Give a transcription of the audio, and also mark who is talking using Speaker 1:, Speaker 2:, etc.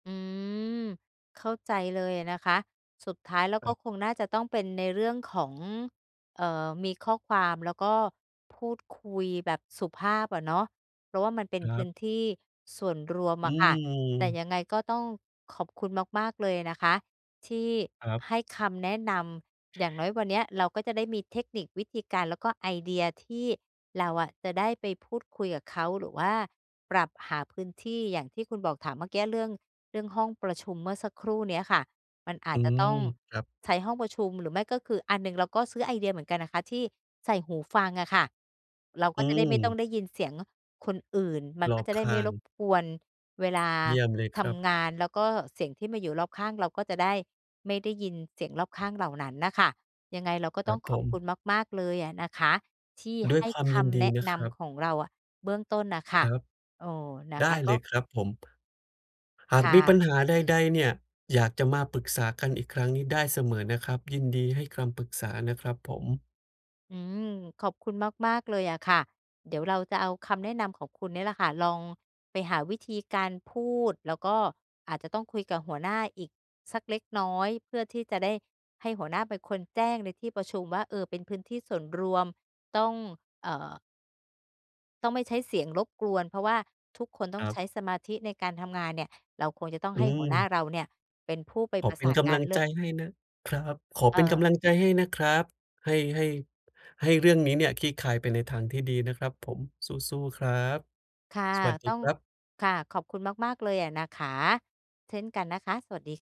Speaker 1: อืม เข้าใจเลยอะนะคะ สุดท้ายแล้วก็
Speaker 2: ครับ
Speaker 1: คงน่าจะต้องเป็นในเรื่องของ เอ่อ มีข้อความแล้วก็พูดคุยแบบสุภาพอะเนาะ เพราะว่ามันเป็น
Speaker 2: คร
Speaker 1: พื
Speaker 2: ั
Speaker 1: ้
Speaker 2: บ
Speaker 1: นที่ส่วนรวม
Speaker 2: อ
Speaker 1: อ
Speaker 2: ื
Speaker 1: ะค่ะ แต่
Speaker 2: ม
Speaker 1: ยังไงก็ต้องขอบคุณมาก ๆ เลยนะคะที่
Speaker 2: ครับ
Speaker 1: ให้คำแนะนำ อย่างน้อยวันเนี้ยเราก็จะได้มีเทคนิค วิธีการ แล้วก็ไอเดียที่เราอะจะได้ไปพูดคุยกับเขา หรือว่าปรับหาพื้นที่อย่างที่คุณบอก ถามเมื่อเกี๊ยเรื่อง เรื่องห้องประชุมเมื่อสักครู่เนี้ยค่ะ มันอา
Speaker 2: อ
Speaker 1: จ
Speaker 2: ื
Speaker 1: จะต
Speaker 2: ม
Speaker 1: ้อง
Speaker 2: ครับ
Speaker 1: ใช้ห้องประชุม หรือไม่ก็คือ อะ หนึ่งเราก็ซื้อไอเดียเหมือนกันนะคะที่ใส่หูฟังอะค่ะ เรา
Speaker 2: อ
Speaker 1: ก็
Speaker 2: ื
Speaker 1: จะได้ไม่ต้อ
Speaker 2: ม
Speaker 1: งได้ยินเสียงคนอื่น มัน
Speaker 2: ร
Speaker 1: ก
Speaker 2: อ
Speaker 1: ็
Speaker 2: บ
Speaker 1: จะได
Speaker 2: ข
Speaker 1: ้ไม
Speaker 2: ้
Speaker 1: ่
Speaker 2: า
Speaker 1: รบ
Speaker 2: ง
Speaker 1: กวนเวลา
Speaker 2: เยี่ยมเลย
Speaker 1: ท
Speaker 2: ครับ
Speaker 1: ำงาน แล้วก็เสียงที่มาอยู่รอบข้าง เราก็จะได้ไม่ได้ยินเสียงรอบข้างเหล่านั้นน่ะค่ะ ยังไงเราก็
Speaker 2: ค
Speaker 1: ต
Speaker 2: ร
Speaker 1: ้อ
Speaker 2: ั
Speaker 1: ง
Speaker 2: บ
Speaker 1: ข
Speaker 2: ผ
Speaker 1: อบคุณ
Speaker 2: ม
Speaker 1: มาก ๆ เลยอะนะคะที่
Speaker 2: ด้
Speaker 1: ใ
Speaker 2: ว
Speaker 1: ห
Speaker 2: ย
Speaker 1: ้
Speaker 2: ความ
Speaker 1: ค
Speaker 2: ยิน
Speaker 1: ำ
Speaker 2: ด
Speaker 1: แน
Speaker 2: ี
Speaker 1: ะ
Speaker 2: นะ
Speaker 1: น
Speaker 2: ครับ
Speaker 1: ำของเราอะเบื้องต้นน่ะค่
Speaker 2: ค
Speaker 1: ะ
Speaker 2: รับ
Speaker 1: เออ นะ
Speaker 2: ได
Speaker 1: ค
Speaker 2: ้
Speaker 1: ะ ก
Speaker 2: เล
Speaker 1: ็
Speaker 2: ยครับผม หา
Speaker 1: ค
Speaker 2: ก
Speaker 1: ่
Speaker 2: มีป
Speaker 1: ะ
Speaker 2: ัญหาใด ๆ เนี่ย อยากจะมาปรึกษากันอีกครั้งนี่ได้เสมอนะครับ ยินดีให้คำปรึกษานะครับผม
Speaker 1: อืม ขอบคุณมาก ๆ เลยอะค่ะ เดี๋ยวเราจะเอาคำแนะนำของคุณนี่แหละค่ะลองไปหาวิธีการพูด แล้วก็อาจจะต้องคุยกับหัวหน้าอีกสักเล็กน้อย เพื่อที่จะได้ให้หัวหน้าเป็นคนแจ้งในที่ประชุมว่า "เออ เป็นพื้นที่ส่วนรวม ต้อง เออ" ต้องไม่ใช้เสียงรบกวน เพราะว่าทุกคนต้
Speaker 2: ค
Speaker 1: อง
Speaker 2: รั
Speaker 1: ใช
Speaker 2: บ
Speaker 1: ้สมาธิในการทำงาน"เนี่ย เราคงจะต้อง
Speaker 2: อ
Speaker 1: ให้หัวหน้า
Speaker 2: ืม
Speaker 1: เราเนี่ยเป็นผู้ไป
Speaker 2: ข
Speaker 1: ป
Speaker 2: อ
Speaker 1: ระ
Speaker 2: เป
Speaker 1: ส
Speaker 2: ็น
Speaker 1: าน
Speaker 2: ก
Speaker 1: ง
Speaker 2: ำ
Speaker 1: า
Speaker 2: ล
Speaker 1: น
Speaker 2: ัง
Speaker 1: เร
Speaker 2: ใ
Speaker 1: ่
Speaker 2: จ
Speaker 1: อะ
Speaker 2: ให้นะ ครับ ขอ
Speaker 1: เ
Speaker 2: เป็นก
Speaker 1: ออ
Speaker 2: ำลังใจให้นะครับ ให้ ให้ ให้เรื่องนี้เนี่ยคลี่คลายไปในทางที่ดีนะครับผม สู้ ๆ ครับ
Speaker 1: ค่ะ
Speaker 2: สวัสด
Speaker 1: ต
Speaker 2: ี
Speaker 1: ้อง
Speaker 2: ครับ
Speaker 1: ค่ะ ขอบคุณมาก ๆ เลยอะนะคะ เช่นกันนะคะ สวัสดี ค